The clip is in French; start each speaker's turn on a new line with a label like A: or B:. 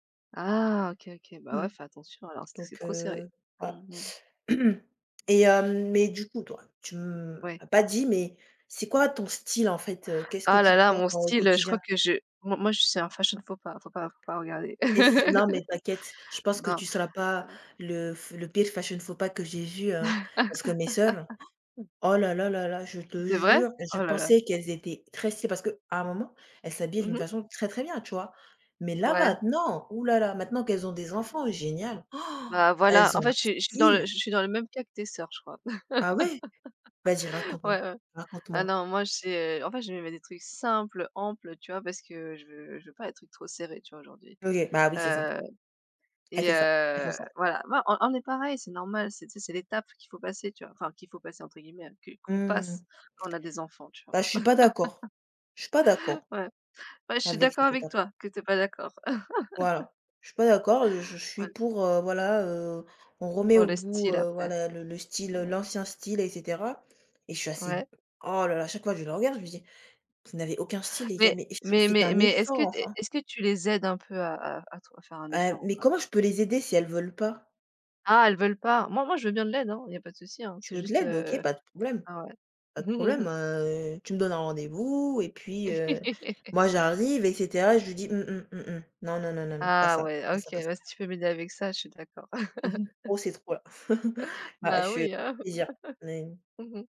A: Ah. OK, OK. Bah
B: Mmh.
A: ouais, fais attention alors si c'est
B: Donc
A: trop serré.
B: heu
A: Mmh
B: ah
A: mh.
B: et hem, mais du coup toi, tu m
A: Ouais.
B: m'as pas dit mais, c'est quoi ton style en fait? Heu, qu'est-ce que
A: Ah là
B: tu
A: là
B: portes
A: mon
B: en au
A: style, heu, je crois
B: quotidien?
A: que je moi moi je suis un fashion faux pas. Il faut pas, il faut pas regarder.
B: Qu'est-ce qui s non mais t'inquiète. Je pense que
A: Non,
B: tu seras pas
A: heu
B: le f le pire fashion faux pas que j'ai vu hein, parce que mes sœurs. Oh là là là là, je te
A: C'est vrai?
B: jure et je
A: Oh là là.
B: pensais qu'elles étaient très stylées, parce qu'à un moment elles s'habillaient
A: Mmh
B: d'une
A: mh.
B: façon très très bien, tu vois? Mais là
A: Ouais.
B: maintenant? Ouh là là, maintenant qu'elles ont des enfants, génial!
A: Bah voilà,
B: Elles
A: en
B: ont
A: fait
B: un
A: je suis je suis dans le
B: style!
A: je je suis dans le même cas que tes sœurs, je crois.
B: Ah ouais? Vas-y raconte moi.
A: Ouais, ouais.
B: Raconte
A: Ah
B: moi.
A: non, moi j'ai, heu, en fait je me mets des trucs simples, amples, tu vois? Parce que je veux je veux pas des trucs trop serrés, tu vois aujourd'hui,
B: OK. Bah oui c'est ça.
A: heu
B: Elle
A: et
B: fait ça. Elles font
A: heu,
B: ça.
A: voilà. Non, on on on est pareil, c'est normal c'est tu sais c'est l'étape qu'il faut passer, tu vois? Enfin qu'il faut «passer» entre guillemets, qu'une qu'on passe
B: Mmh.
A: quand on a des enfants tu vois?
B: Bah je suis pas d'accord. Je suis pas d'accord.
A: Ouais. Ouais je suis
B: Avec
A: d'accord
B: cette
A: avec
B: étape
A: toi, que tu es pas d'accord.
B: Voilà. Je suis pas d'accord et je je
A: Ouais
B: suis
A: l
B: pour, heu, voilà, heu, on remet
A: Pour
B: au
A: le
B: goût,
A: style
B: heu,
A: après.
B: voilà le le style,
A: Mmh
B: heu,
A: mh.
B: l'ancien style et cetera et je suis assez
A: Ouais.
B: oh là là, chaque fois je le regarde je me dis: «Vous n'avez aucun style les gars
A: Mais
B: mais est-ce q
A: mais
B: faites
A: mais
B: un
A: mais est-ce que
B: effort
A: tu es
B: enfin».
A: est-ce que tu les aides un peu à à à trouv à faire un
B: Hem,
A: effort ou
B: mais
A: pas?
B: comment je peux les aider si elles veulent pas?
A: Ah elles veulent pas? Moi moi je veux bien de l'aide, hein, il y a pas de souci, hein,
B: Tu
A: c'est
B: veux de
A: juste,
B: l'aide? OK,
A: heu
B: pas de problème.
A: ah ouais.
B: Pas de problème, heu, tu me donnes un rendez-vous et puis, heu, moi j'arrive et cetera et je dis: «Mmh mh, mmh mh, non, non, non, non, non, pas
A: Ah
B: ça,
A: ouais,
B: pas
A: OK.
B: ça, pas ça».
A: Bah si tu peux m'aider avec ça, je suis d'accord.
B: Mmh mh. Oh c'est trop là. Bah ouais je
A: Bah
B: su
A: oui, hein.
B: plaisir. Mais
A: Mmh mh.